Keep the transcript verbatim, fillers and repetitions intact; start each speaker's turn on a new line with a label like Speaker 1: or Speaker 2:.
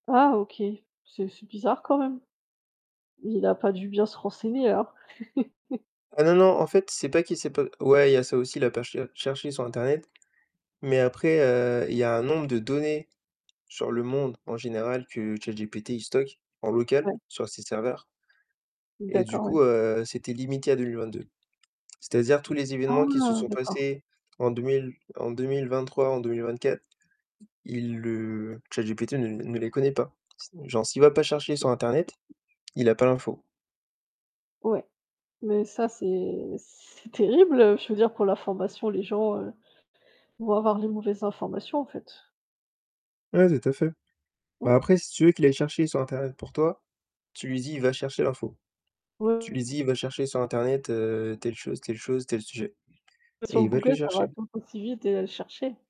Speaker 1: Ah OK. C'est c'est bizarre quand même. Il a pas dû bien se renseigner, alors.
Speaker 2: Ah non, non, en fait c'est pas qui sait pas ouais, il y a ça aussi, il a pas char cherché sur internet, mais après, heu, il y a un nombre de données sur le monde en général que ChatGPT, il stocke en local
Speaker 1: Ouais.
Speaker 2: sur ses serveurs et du
Speaker 1: D'accord, ouais.
Speaker 2: coup, heu, c'était limité à deux mille vingt-deux. C'est-à-dire tous les événements qui se
Speaker 1: Ah!
Speaker 2: sont
Speaker 1: D'accord.
Speaker 2: passés en deux mille, en deux mille vingt-trois, en deux mille vingt-quatre, il le ChatGPT ne ne les connaît pas. Si genre, s'il va pas chercher sur internet, il a pas l'info.
Speaker 1: Ouais. Mais ça c'est c'est terrible, heu, je veux dire pour l'information, les gens vont avoir les mauvaises informations, en fait.
Speaker 2: Ouais, tout à fait.
Speaker 1: Ouais.
Speaker 2: Bah, après, si tu veux qu'il aille chercher sur internet pour toi, tu lui dis, il va chercher l'info. Tu
Speaker 1: Ouais.
Speaker 2: lui dis, il va chercher sur internet, heu, telle chose, telle chose, tel sujet
Speaker 1: Beh
Speaker 2: et
Speaker 1: sur
Speaker 2: il va te le
Speaker 1: Google, ça va
Speaker 2: chercher.
Speaker 1: tout aussi vite et aller chercher.